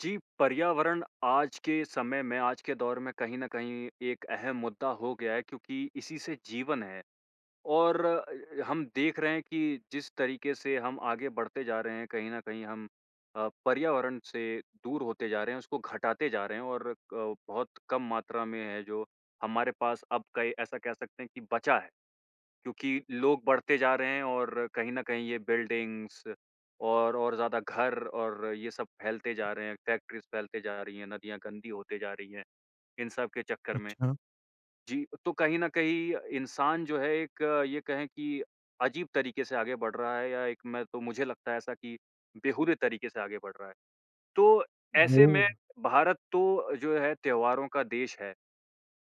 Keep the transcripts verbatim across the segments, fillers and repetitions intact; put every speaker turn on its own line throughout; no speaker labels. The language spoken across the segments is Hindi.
जी, पर्यावरण आज के समय में, आज के दौर में कहीं न कहीं एक अहम मुद्दा हो गया है क्योंकि इसी से जीवन है। और अ अ, हम देख रहे हैं कि जिस तरीके से हम आगे बढ़ते जा रहे हैं, कहीं न कहीं हम अ, पर्यावरण से दूर होते जा रहे हैं, उसको घटाते जा रहे हैं और अ, बहुत कम मात्रा में है जो हमारे पास अब कई ऐसा कह सकते हैं कि बचा है। क्योंकि लोग बढ़ते जा रहे हैं और कहीं न कहीं ये बिल्डिंग्स और और ज़्यादा घर और ये सब फैलते जा रहे हैं, फैक्ट्रीज़ फैलते जा रही हैं, नदियाँ गंदी होती जा रही हैं इन सब के चक्कर में।
अच्छा।
जी, तो कहीं न कहीं इंसान जो है एक ये कहें कि अजीब तरीके से आगे बढ़ रहा है या एक मैं तो मुझे लगता है ऐसा कि बेहूदे तरीके से आगे बढ़ रहा है। तो ऐसे में
वो।
भारत तो जो है त्योहारों का देश है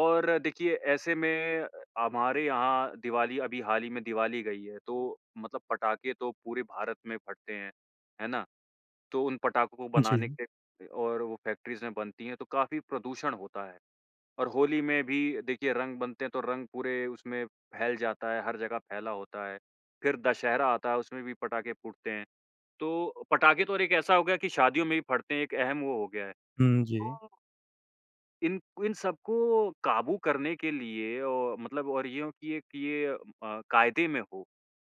और देखिए ऐसे में हमारे यहाँ दिवाली, अभी हाल ही में दिवाली गई है। तो मतलब पटाखे तो पूरे भारत में फटते हैं, है ना? तो उन पटाखों को बनाने
जी।
के और वो फैक्ट्रीज़ में बनती है तो काफ़ी प्रदूषण होता है। और होली में भी देखिए रंग बनते हैं तो रंग पूरे उसमें फैल जाता है, हर जगह फैला होता है, फिर दशहरा आता है उसमें भी पटाखे फूटते हैं। तो पटाखे तो और एक ऐसा हो गया कि शादियों में भी फटते हैं एक अहम वो हो गया है।
हुँ, जी।
तो इन इन सबको काबू करने के लिए ओ मतलब और यो कि ये अ, कायदे में हो,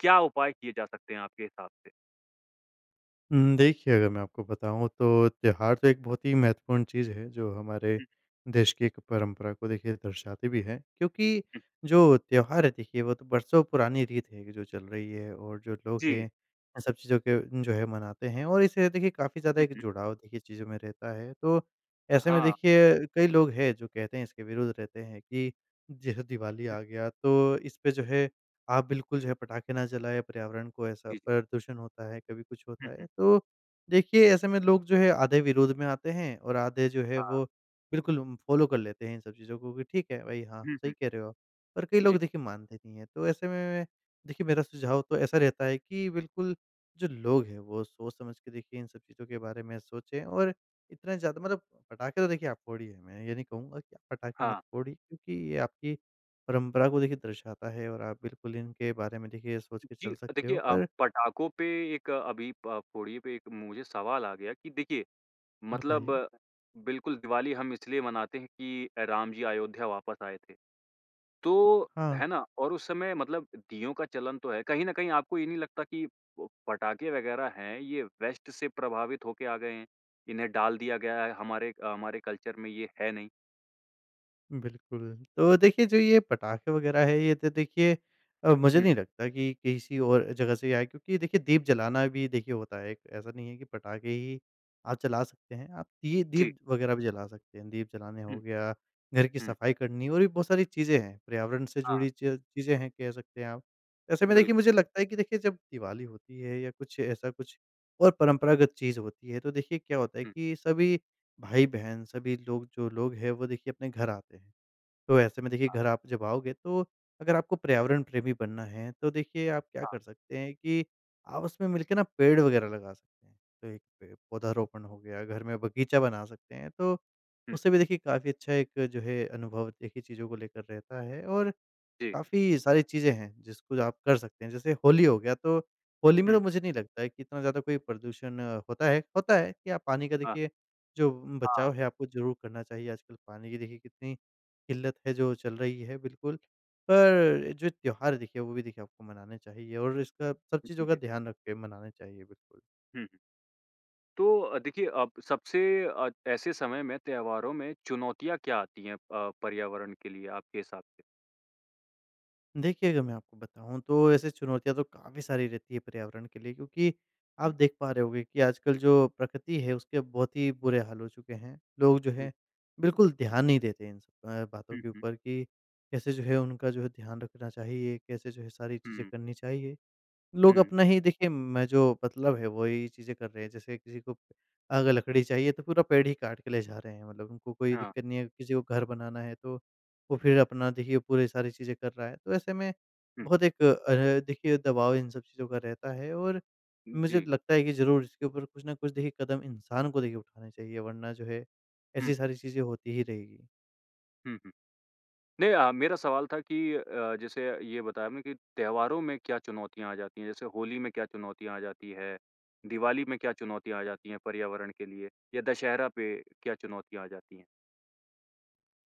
क्या उपाय किए जा सकते हैं आपके हिसाब से?
हुँ, देखिए, अगर मैं आपको बताऊँ, तो त्यौहार तो एक बहुत ही महत्वपूर्ण चीज़ है, जो हमारे
हुँ।
देश की एक परंपरा को देखिए, दर्शाती भी है। क्योंकि
हुँ।
जो त्यौहार है देखिए, वो तो बरसों पुरानी रीत है कि जो चल रही है, और जो लोग
जी।
हैं, इन सब चीज़ों को जो है, मनाते हैं, और इससे देखिए, काफ़ी ज़्यादा
हुँ,
एक
हुँ।
जुड़ाव, देखिए, चीज़ों में रहता है। तो
अ,
ऐसे में
हाँ।
देखिए, कई लोग हैं जो कहते हैं इसके विरुद्ध रहते हैं कि, जैसे दिवाली आ गया, तो इसपे जो
हुँ।
है, आप बिल्कुल जो है, पटाखे ना जलाएँ। पर्यावरण को ऐसा
जी।
प्रदूषण होता है, कभी कुछ
हुँ,
होता
हुँ।
है। तो देखिए, ऐसे में लोग जो हैं आधे विरोध में आते हैं, और आधे जो हैं,
हाँ।
वो बिल्कुल उम, फ़ॉलो कर लेते हैं इन सब चीज़ों को कि, ठीक है, भई। हाँ,
हुँ,
सही
हुँ।
कह रहे हो आप। और कई
जी।
लोग, देखिए, मानते नहीं हैं। तो ऐसे में, मैं देखिए, मेरा सुझाव तो ऐसा रहता है कि बिल्कुल, जो लोग हैं, वो सोच-समझ के देखिए, इन सब चीज़ों के बारे में सोचें, और इतना ज़्यादा मतलब पटाखे तो, देखिए, आप फोड़िए। मैं ये नहीं कहूँगा कि पटाखे मत
हाँ।
फोड़िए, क्योंकि ये आपकी परंपरा को देखिए, दर्शाता है और आप बिल्कुल इनके बारे में, देखिए, ये सोच के
जी,
चल
अ,
सकते
देखिए
हो।
अ,
पर
पटाखों पे एक अभी प फोड़िये पे एक मुझे सवाल आ गया कि देखिये, मतलब
बताइए।
बिल्कुल, दिवाली हम इसलिए मनाते हैं कि अ, राम जी अयोध्या वापस आए थे। तो
हाँ।
है ना? और उस समय मतलब दीयों का चलन तो है। कहीं न कहीं, आपको ये नहीं लगता कि प पटाखे वग़ैरह हैं, ये वेस्ट से प्रभावित होके आ गए हैं, इन्हें डाल दिया गया है, हमारे अ, हमारे कल्चर में ये है नहीं?
बिल्कुल। तो देखिए, जो ये पटाखे वगैरह हैं, ये तो, देखिए अ, मुझे
हुँ।
नहीं लगता कि किसी और जगह से ही आए हैं, क्योंकि देखिए, दीप जलाना भी देखिए, होता है एक। ऐसा नहीं है कि पटाखे ही आप जला सकते हैं, आप दीये,
जी।
दीप वगैरह भी जला सकते हैं। दीप जलाने हो
हुँ।
गया, घर की
हुँ।
सफाई करनी और भी बहुत सारी चीज़ें हैं, पर्यावरण से
हाँ।
जुड़ी च चीज़ें हैं, कह सकते हैं आप। ऐसे में,
बिल्क
देखिए, मुझे लगता है कि देखिए, जब दिवाली होती है, या कुछ, ऐसा कुछ, और परंपरागत चीज़ होती है, तो देखिए, क्या होता है
हुँ।
कि सभी भाई-बहन, सभी लोग, जो लोग हैं, वो देखिए अपने घर आते हैं। तो ऐसे में, देखिए,
हाँ।
घर आप जब आओगे, तो अगर आपको पर्यावरण प्रेमी बनना है, तो देखिए, आप क्या
हाँ।
कर सकते हैं कि आप उसमें मिलके ना, पेड़ वगैरह लगा सकते हैं। तो एक पे पौधारोपण हो गया, घर में बगीचा बना सकते हैं, तो
हुँ,
उससे
हुँ।
भी, देखिए, काफ़ी अच्छा एक जो है, अनुभव एक ही चीज़ों को लेकर रहता है, और
जी।
काफ़ी सारी चीज़ें हैं, जिसको आप कर सकते हैं। जैसे होली हो गया, तो होली में
हुँ।
तो मुझे नहीं लगता है कि इतना ज़्यादा कोई प्रदूषण होता है, होता है कि आप पानी का
हाँ।
देखिए, जो उम,
हाँ।
बचाव है, आपको ज़रूर करना चाहिए। आजकल पानी की देखिए, कितनी किल्लत है, जो चल रही है, बिल्कुल। पर जो त्योहार है देखिए, वो भी देखिए आपको मनाने चाहिए और इसका सब
जी,
चीज़ों का
जी।
ध्यान रख के मनाने चाहिए, बिल्कुल।
हुँ, हुँ। तो अ, देखिए अ, सबसे अ, ऐसे समय में त्योहारों में चुनौतियाँ क्या आती हैं अ, पर्यावरण के लिए आपके हिसाब से?
देखिए, अगर मैं आपको बताऊँ तो ऐसे चुनौतियाँ तो काफ़ी सारी रहती हैं पर्यावरण के लिए, क्योंकि आप
हुँ।
देख पा रहे होंगे कि आजकल जो प्रकृति है उसके बहुत ही बुरे हाल हो चुके हैं। लोग जो
हुँ।
है बिल्कुल ध्यान नहीं देते हैं इन स अ, बातों
हुँ,
के
हुँ।
ऊपर कि कैसे जो है उनका जो है ध्यान रखना चाहिए, कैसे जो है सारी चीज़ें
हुँ।
करनी चाहिए। लोग
हुँ।
अपना ही देखिए, मैं जो मतलब है वही चीज़ें कर रहे हैं, जैसे किसी को, अगर लकड़ी चाहिए तो पूरा पेड़ ही काट के ले जा रहे हैं, मतलब उनको कोई
हाँ।
दिक्कत नहीं है। किसी को घर बनाना है तो वो फिर अपना देखिए पूरी सारी चीज़ें कर रहा है, तो ऐसे में
हुँ।
बहुत एक अ, देखिए दबाव इन सब चीज़ों का रहता है और
उ,
मुझे
जी।
लगता है कि ज़रूर इसके ऊपर कुछ ना कुछ देखिए कदम इंसान को देखिए उठाने चाहिए वरना जो है
हुँ।
ऐसी सारी चीज़ें होती ही रहेगी।
हुँ, हुँ। नहीं अ, मेरा सवाल था कि अ अ, जैसे ये बताया आपने कि त्योहारों में क्या चुनौतियाँ आ जाती हैं? जैसे होली में क्या चुनौतियाँ आ जाती हैं? दिवाली में क्या चुनौतियाँ आ जाती हैं पर्यावरण के लिए या दशहरा पे क्या चुनौतियाँ आ जाती हैं?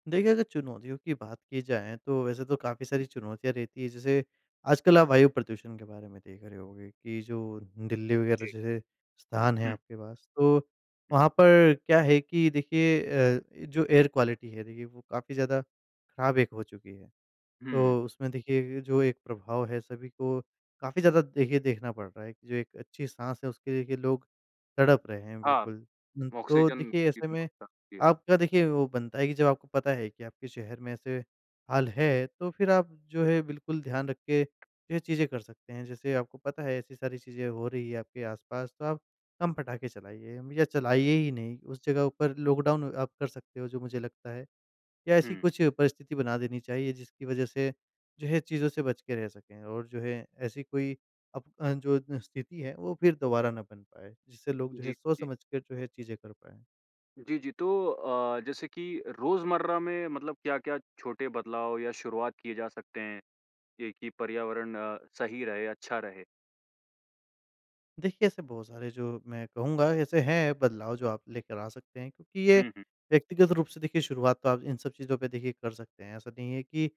देखिए, अगर चुनौतियों की बात की जाए तो वैसे तो काफ़ी सारी चुनौतियाँ रहती है, जैसे आजकल आप वायु प्रदूषण के बारे में देख रहे होगे कि जो दिल्ली
जी।
वगैरह जैसे स्थान है
हुँ।
आपके पास, तो
हुँ।
वहाँ पर क्या है कि देखिए अ, ए जो एयर क्वालिटी है देखिए वो काफ़ी ज़्यादा ख़राब एक हो चुकी है।
हुँ।
तो, उसमें देखिए ये जो एक प्रभाव है सभी को काफ़ी ज़्यादा देखिए देखना पड़ रहा है, एक जो एक अच्छी साँस है उसके देखिए लोग तड़प रहे हैं
हाँ।
बिल्कुल। उम, तो
ऑक्सीज़न
देखिए
की
ऐसे में
बहुत [unintelligible] हाँ।
आपका देखिए वो बनता है कि जब आपको पता है कि आपके शहर में ऐसे हाल है, तो फिर आप जो है बिल्कुल ध्यान रख के यह चीज़ें कर सकते हैं। जैसे आपको पता है ऐसी सारी चीज़ें हो रही है आपके आस-पास तो आप, कम पटाख़े चलाइए अम, या चलाइए ही नहीं, उस जगह ऊपर लॉकडाउन आप कर सकते है जो मुझे लगता है या ऐसी
हुँ।
कुछ परिस्थिति बना देनी चाहिए जिसकी वजह से जो है, चीज़ों से बच के रह सके और जो है ऐसी कोई अप अ, जो न स्थिति है, वो फिर दोबारा ना बन पाए, जिससे लोग जो है
जी, जी।
सोच-समझ कर जो है चीज़ें कर पाए।
जी, जी, तो अ, जैसे कि रोज़मर्रा में मतलब क्या-क्या छोटे बदलाव या शुरुआत किए जा सकते हैं? ये कि पर्यावरण सही रहे, अच्छा रहे?
देखिए, ऐसे बहुत सारे जो मैं कहूँगा ऐसे हैं बदलाव जो आप लेकर आ सकते हैं। क्योंकि ये
हुँ, हुँ।
व्यक्तिगत रूप से देखिए शुरुआत तो आप इन सब चीज़ पे देखिए कर सकते हैं। ऐसा नहीं है कि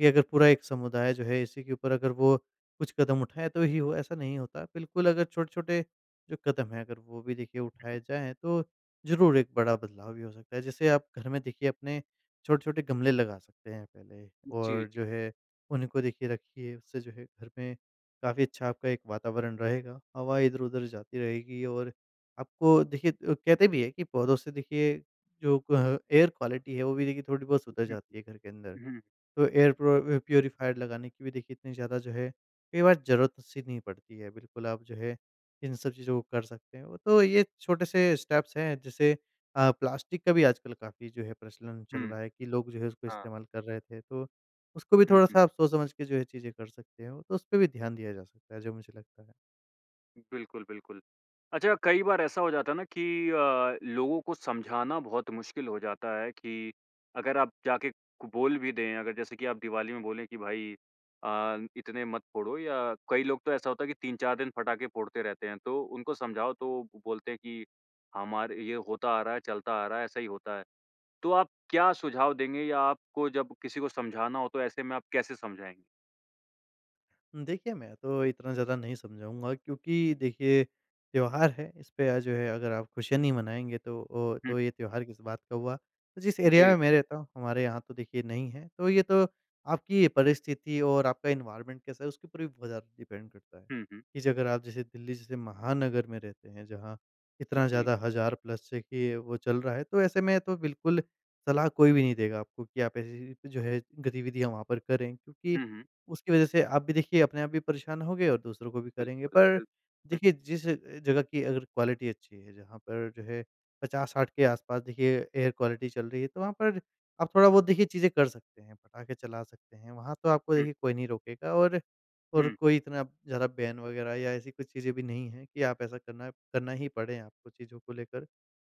ये अगर पूरा एक समुदाय जो है इसी के ऊपर अगर वो कुछ कदम उठाए तो ही वो ऐसा नहीं होता। बिल्कुल अगर छोटे-छोटे जो कदम हैं अगर वो भी देखिए उठाए जाएँ तो ज़रूर एक बड़ा बदलाव भी हो सकता है। जैसे आप घर में देखिए अपने छोटे-छोटे गमले लगा सकते हैं पहले
उ, जी,
और
जी।
जो है उनको देखिए रखिए उससे जो है घर में काफ़ी अच्छा आपका एक वातावरण रहेगा। हवा इधर-उधर जाती रहेगी और आपको देखिए उ कहते भी हैं कि पौधों से देखिए जो अ, एयर क्वालिटी है वो भी देखिए थोड़ी बहुत सुधर
उ,
जाती है घर के अंदर।
हुँ।
तो एयर प्रो
हुँ।
व प्यूरीफ़ायर लगाने की भी देखिए इतनी ज़्यादा जो है कई बार ज़रूरत-सी नहीं पड़ती है। बिल्कुल आप जो है इन सब चीज़ों को कर सकते हैं। तो ये छोटे से स्टेप्स हैं जैसे अ, प्लास्टिक का भी आजकल काफ़ी जो है प्रचलन चल
हुँ।
रहा है कि लोग जो है उसको
हाँ।
इस्तेमाल कर रहे थे। तो उसको भी
हुँ, हुँ।
थोड़ा-सा आप सोच समझ के जो है चीज़ें कर सकते हो। तो उसपे भी ध्यान दिया जा सकता है जो मुझे लगता है।
बिल्कुल, बिल्कुल। अच्छा कई बार ऐसा हो जाता है ना कि अ, लोगों को समझाना बहुत मुश्किल हो जाता है कि अगर आप जाके क बोल भी दें, अगर जैसे कि आप दिवाली में बोलें कि भाई अ, न इतने मत फोड़ो या कई लोग तो ऐसा होता है कि तीन चार दिन पटाखे फोड़ते रहते हैं। तो उनको समझाओ तो ब बोलते हैं कि हमारे ये होता आ रहा है, चलता आ रहा है, ऐसा ही होता है। तो आप क्या सुझाव देंगे या आपको जब किसी को समझाना हो तो ऐसे में आप कैसे समझाएँगे?
देखिए, मैं तो इतना ज़्यादा नहीं समझाऊँगा क्योंकि देखिए त्योहार है, इसपे अ, जो है अगर आप खुशियाँ नहीं मनाएँगे तो ओ
हुँ।
तो ये त्योहार किस बात का हुआ? तो जिस एरिया
जी।
में मैं रहता हूँ, हमारे यहाँ तो देखिए नहीं है। तो ये तो आपकी परिस्थिति और आपका एनवायरनमेंट कैसा है, उसके ऊपर भी बहुत ज़्यादा डिपेंड करता है।
हुँ, हुँ।
कि ज अगर आप जैसे दिल्ली जैसे महानगर में रहते हैं जहाँ इतना
जी।
ज़्यादा हज़ार प्लस देखिए वो चल रहा है, तो ऐसे में तो बिल्कुल सलाह कोई भी नहीं देगा आपको कि आप ऐसी जी जो है गतिविधियाँ वहाँ पर करें। क्योंकि
हुँ, हुँ।
उसकी वजह से आप भी देखिए अपने आप भी परेशान होंगे और दूसरों को भी करेंगे
बिल्कुल,
पर
बिल हुँ।
देखिए जिस अ, जगह कि अगर क्वालिटी अच्छी है, जहाँ पर जो है पचास साठ के आस-पास देखिए एयर क्वालिटी चल रही है, तो वहाँ पर आप थोड़ा बहुत देखिए चीजें कर सकते हैं। पटाखे चला सकते हैं, वहाँ तो आपको
हुँ।
देखिए कोई नहीं रोकेगा और और
हुँ।
कोई इतना प ज़्यादा बैन वगैरह या ऐसी कुछ चीजें भी नहीं है, कि आप ऐसा करना करना ही पड़े आपको चीज़ों को लेकर।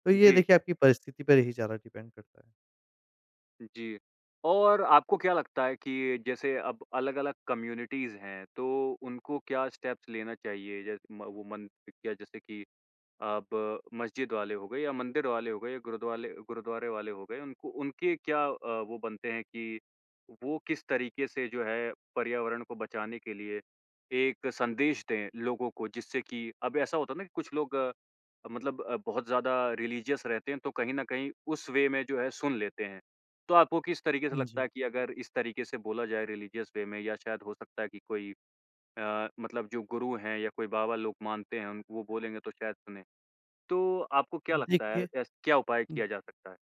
तो ये
जी।
देखिए आपकी परिस्थिति पर ही ज़्यादा डिपेंड करता है।
जी। और आपको क्या लगता है कि जैसे अब अलग-अलग कम्युनिटीज़ हैं, तो उनको क्या स्टेप्स लेना चाहिए? जैस म वो मन पि क्या जैसे कि अब मस्जिद वाले हो गए या मंदिर वाले हो गए, या गुरुद्वाले गुरुद्वारे वाले हो गए, उनको उनके क्या अ, वो बनते है कि वो किस तरीके से, जो है, पर्यावरण को बचाने के लिए, एक संदेश दें लोगों को, जिससे कि अब ऐसा होता है ना कि कुछ लोग अब मतलब अ, बहुत ज़्यादा रिलीजियस रहते हैं, तो कहीं न कहीं उस वे में जो है सुन लेते हैं। तो आपको किस तरीके से
हाँ
लगता
जी।
है कि अगर इस तरीके से बोला जाए, रिलीजियस वे में, या शायद हो सकता है कि कोई अ, मतलब जो गुरु हैं या कोई बाबा लोग मानते हैं उनको वो बोलेंगे तो शायद सुनें। तो आपको क्या लगता है,
देखिए,
ऐस क्या उपाय
उम
किया जा सकता है?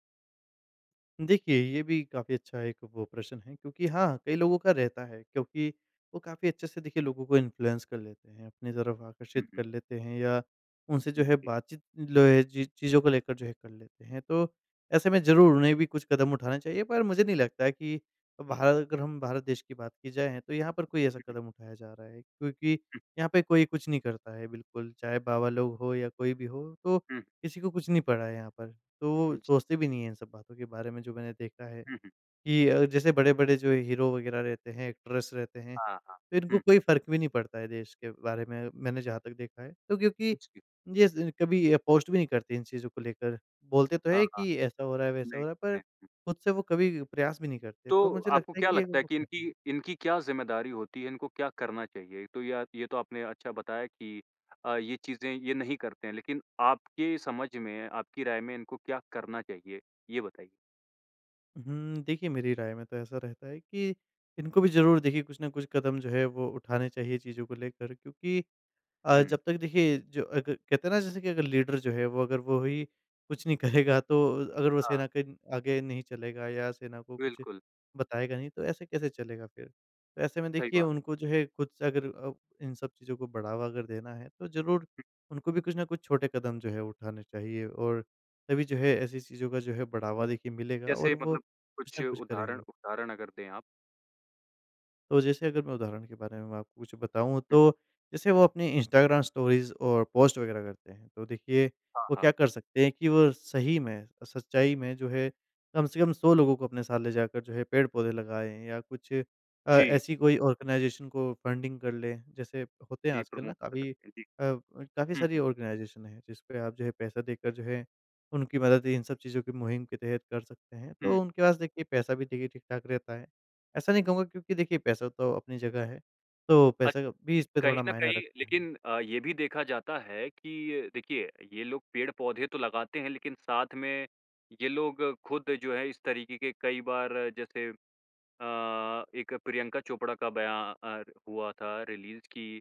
देखिए, ये भी काफ़ी अच्छा एक वो प्रश्न है, क्योंकि हाँ, कई लोगों का रहता है, क्योंकि वो काफ़ी अच्छे से देखिए, लोगों को इन्फ्लुएंस कर लेते हैं, अपनी तरफ आकर्षित
हुँ, हुँ।
कर लेते हैं या उनसे जो
हुँ,
है
जी।
बातचीत लो ए जी, चीज़ों को लेकर जो है कर लेते हैं। तो ऐसे में ज़रूर, उन्हें भी कुछ कदम उठाने चाहिए पर मुझे नहीं लगता है कि भार अगर हम भारत देश की बात की जाए, तो यहाँ पर कोई ऐसा
हुँ, हुँ।
कदम उठाया जा रहा है। क्योंकि
हुँ।
यहाँ पे कोई कुछ नहीं करता है बिल्कुल, चाहे बाबा लोग हों या कोई भी हो तो
हुँ।
किसी को कुछ नहीं पड़ा है यहाँ पर। तो वो
जी।
सोचते भी नहीं हैं इन सब बातों के बारे में। जो मैंने देखा है,
हुँ, हुँ।
कि अ, जैसे बड़े-बड़े जो हीरो वगैरह रहते हैं, एक्ट्रेस रहते हैं,
हाँ, हाँ।
तो इनको
हुँ।
कोई फ़र्क भी नहीं पड़ता है देश के बारे में, मैंने जहाँ तक देखा है। तो क्योंकि
जी।
ये ज़ कभी अ, पोस्ट भी नहीं करते इन चीज़ों को लेकर। बोलते तो
हाँ,
हैं
हाँ।
कि ऐसा हो रहा है, वैसा हो रहा है,
देखते
पर
हैं।
खुद से वो कभी प्रयास भी नहीं करते।
तो
तो मुझे
आपको
लगता है
क्या
कि एक
लगता है
वो
कि
[unintelligible]
इनकी इनकी क्या ज़िम्मेदारी होती है? इनको क्या करना चाहिए? तो या ये तो आपने अच्छा बताया कि अ, ये चीज़ें ये नहीं करते हैं, लेकिन आपके समझ में, आपकी राय में इनको क्या करना चाहिए? ये बताइए।
हुँ, देखिए मेरी राय में तो ऐसा रहता है कि इनको भी ज़रूर देखिए, कुछ न कुछ कदम जो है, वो उठाने चाहिए चीज़ों को लेकर। क्योंकि अ,
हुँ।
जब तक देखिए, जो अग कहते हैं ना, जैसे कि अगर लीडर जो है, वो अगर वो ही कुछ नहीं करेगा, तो अगर वो
हाँ।
सेना के आगे नहीं चलेगा, या सेना को कुछ
बिल्कुल।
बताएगा नहीं, तो ऐसे-कैसे चलेगा फिर? तो ऐसे में
सही
देखिए,
बात।
उनको जो है, खुद से अगर अब इन सब चीज़ों को बढ़ावा अगर देना है, तो ज़रूर
हुँ।
उनको भी कुछ ना कुछ छोटे कदम जो है, उठाने चाहिए और तभी जो है, ऐसी चीज़ों का जो है, बढ़ावा देखिए, मिलेगा
जैसे
और वो
मतलब
कुछ
कुछ
न कुछ
उदाहरण
करेंगे।
उदाहरण अगर दें आप।
तो जैसे अगर मैं उदाहरण के बारे में मैं आपको कुछ बताऊँ,
हुँ।
तो जैसे वो अपनी इंस्टाग्राम स्टोरीज़ और पोस्ट वग़ैरह करते हैं तो देखिए,
हाँ,
वो
हाँ।
क्या कर सकते हैं कि वो सही में, सच्चाई में जो है, कम से कम सौ लोगों को अपने साथ ले जाकर जो है, पेड़-पौधे लगाएँ, या कुछ अ,
जी।
ऐसी कोई आर्गेनाइज़ेशन को फंडिंग कर लें, जैसे होते हैं
जी,
आजकल ना,
प्रमोट कर
काफ़ी अ,
सकते हैं, जी।
काफ़ी
हुँ,
सारी
हुँ।
आर्गेनाइज़ेशन हैं, जिसपे आप जो है, पैसा देकर जो है, उनकी मदद इन सब चीज़ों की मुहिम के तहत कर सकते हैं।
हुँ।
तो उनके पास, देखिए, पैसा भी, देखिए, ठीक-ठाक रहता है। ऐसा नहीं कहूँगा क्योंकि देखिए पैसा तो अपनी जगह है। तो
अ,
पैसा भी
दि
इसपे
कहीं
थोड़ा
न
मायने
कहीं,
रखता है।
लेकिन अ, ये भी देखा जाता है कि देखिए, ये लोग पेड़-पौधे तो लगाते हैं, लेकिन साथ में ये लोग खुद जो हैं, इस तरीके के कई बार, जैसे अ, एक प्रियंका चोपड़ा का बयान हुआ था, रिलीज़ कि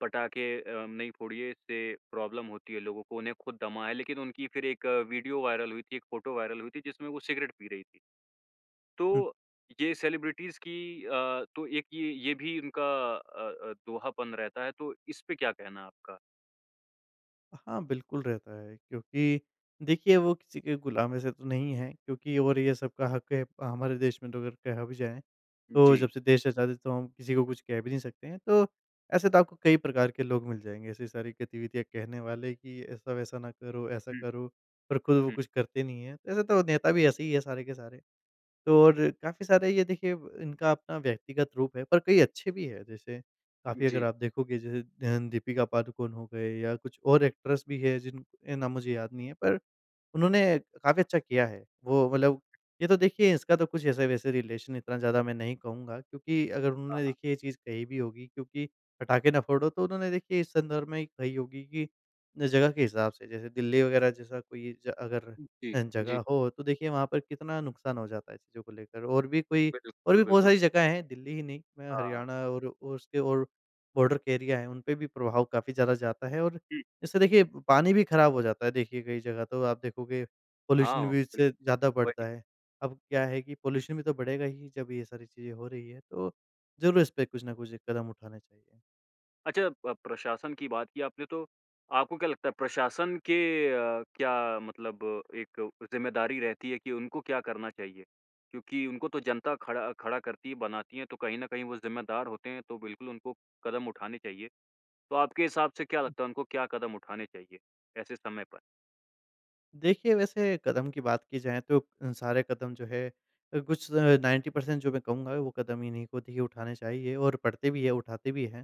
पटाखे अ, नहीं फोड़िए, इससे प्रॉब्लम होती है लोगों को। उन्हें खुद दमा है, लेकिन उनकी फिर एक वीडियो वायरल हुई थी, एक फ़ॉटो वायरल हुई थी, जिसमें वो सिगरेट पी रही थीं।
हुँ।
तो ये सेलिब्रिटीज़ की अ, तो एक ये ये भी इनका अ अ, दोहापन रहता है। तो इसपे क्या कहना है आपका?
हाँ, बिल्कुल रहता है, क्योंकि देखिए वो किसी के गुलाम वैसे तो नहीं है, क्योंकि और ये सब का हक है, हमारे देश में तो अगर कहा भी जाए, तो
जी।
जब से देश आज़ाद हैं तो हम किसी को कुछ कह भी नहीं सकते हैं। तो, ऐसे तो आपको कई प्रकार के लोग मिल जाएँगे, ऐसी सारी गतिविधियाँ कहने वाले कि ऐसा-वैसा ना करो, ऐसा
हुँ।
करो, पर खुद वो
हुँ।
कुछ करते नहीं है। तो ऐसे तो नेता भी ऐसे ही है सारे के सारे। तो और काफ़ी सारे ये देखिए इनका अपना व्यक्तिगत रूप है, पर कई अच्छे भी है जैसे
उ,
काफ़ी अगर
जी।
आप देखोगे जैसे अ, दीपिका पादुकोण हो गए या कुछ और एक्ट्रेस भी है जिनके नाम मुझे याद नहीं है, पर उन्होंने काफ़ी अच्छा किया है। वो मतलब ये तो देखिए इसका तो कुछ ऐसे-वैसे रिलेशन इतना ज़्यादा मैं नहीं कहूँगा, क्योंकि अगर
हाँ,
उन्होंने
हाँ।
देखिए ये चीज़ कही भी होगी, क्योंकि पटाखे ना फोड़ो, तो उन्होंने देखिए इस संदर्भ में ही कही होगी कि जगह के हिसाब से, जैसे दिल्ली वग़ैरह जैसा कोई ए अगर
उ, जी,
अ,
जी।
जगह हो तो देखिए वहाँ पर कितना नुकसान हो जाता है चीज़ों को लेकर और भी कोई और
बिल्कुल,
भी बहुत
बिल्कुल।
सारी जगह हैं। दिल्ली ही नहीं,
हाँ।
हरियाणा और उसके और बॉर्डर के एरिया हैं उनपे भी प्रभाव काफ़ी ज़्यादा जाता है और
हुँ।
जैसे देखिए पानी भी ख़राब हो जाता है, देखिए, कई जगह तो आप देखोगे पॉल्यूशन
हाँ,
भी
बिल
इससे ज़्यादा
वही।
बढ़ता है। अब क्या है कि पॉल्यूशन भी तो बढ़ेगा ही, जब ये सारी चीज़ें हो रही है, तो ज़रूर इसपे कुछ ना कुछ कदम उठाने चाहिए।
अच्छा प प्रशासन की बात की आपने तो आपको क्या लगता है प्रशासन के अ, क्या मतलब एक ज़िम्मेदारी रहती है कि उनको क्या करना चाहिए? क्योंकि उनको तो जनता खड़ा खड़ा करती है, बनाती है। तो कहीं न कहीं वो ज़िम्मेदार होते हैं, तो बिल्कुल उनको कदम उठाने चाहिए। तो आपके हिसाब से क्या
हुँ।
लगता है उनको क्या कदम उठाने चाहिए ऐसे समय पर?
देखिए, वैसे कदम की बात की जाए तो अ, सारे कदम जो है अ, कुछ नाइंटी पर्सेंट जो मैं कहूँगा वो कदम इन्ही को देखिए उठाने चाहिए और पढ़ते भी हैं, उठाते भी हैं।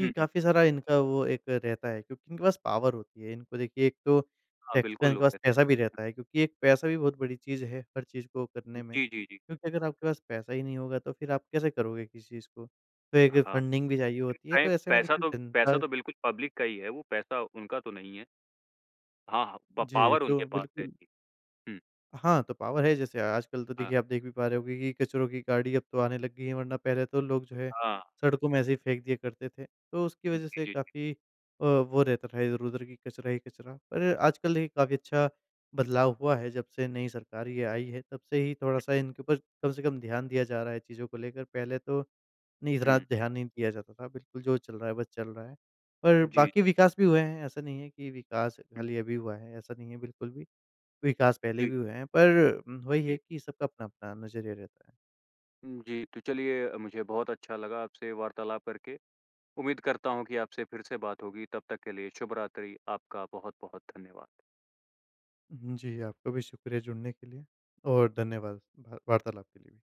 हुँ, हुँ।
काफ़ी सारा इनका वो एक रहता है क्योंकि इनके पास पॉवर होती है। इनको देखिए एक तो
हाँ,
टैक्स का
बिल्कुल
इनके पास
होते। हुँ।
पैसा भी रहता है। क्योंकि एक पैसा भी बहुत बड़ी चीज़ है, हर चीज़ को करने में।
जी, जी, जी।
क्योंकि अगर आपके पास पैसा ही नहीं होगा तो फ़िर आप कैसे करोगे किसी चीज़ को? तो एक
हाँ।
फंडिंग भी चाहिए
इन
होती है, तो
पै
ऐसे में
पैसा
देखिए
तो
जनता
पैसा तो बिल्कुल पब्लिक का ही है, वो पैसा उनका तो नहीं है। हाँ, हाँ प
जी,
पॉवर
तो
उनके पास है
बिल्कुल
जी। हुँ।
हाँ तो पॉवर है जैसे अ, आजकल तो
हाँ।
देखिए आप देख भी पा रहे होगे कि कचरों की गाड़ी अब तो आने लग गई है। वरना पहले तो लोग जो है
हाँ।
सड़कों में ऐसे ही फेंक दिया करते थे। तो उसकी
हुँ।
वजह से
जी, जी।
काफ़ी अ, वो रहता था इधर-उधर की कचरा ही कचरा। पर आजकल काफ़ी अच्छा बदलाव हुआ है जब से नई सरकार ये आई है तब से ही
हुँ।
थोड़ा-सा इनके ऊपर कम से कम ध्यान दिया जा रहा है चीज़ों को लेकर। पहले तो नहीं इतना
हुँ।
ध्यान नहीं दिया जाता था, बिल्कुल जो चल रहा है बस चल रहा है। और
जी।
बाकी विकास भी हुए हैं ऐसा नहीं है कि विकास
हुँ।
खाली अभी हुआ है ऐसा नहीं है बिल्कुल भी। विकास पहले
जी।
भी हुए हैं पर उम,
जी,
वहीं है
जी।
कि सबका अपना-अपना नज़रिया रहता है।
हुँ, जी। तो चलिए अ, मुझे बहुत अच्छा लगा आपसे वार्तालाप करके। उम्मीद करता हूँ कि आपसे फ़िर से बात होगी तब तक के लिए शुभरात्रि। आपका बहुत-बहुत धन्यवाद।
हुँ, जी आपका भी शुक्रिया जुड़ने के लिए और धन्यवाद वा वार्तालाप के लिए भी।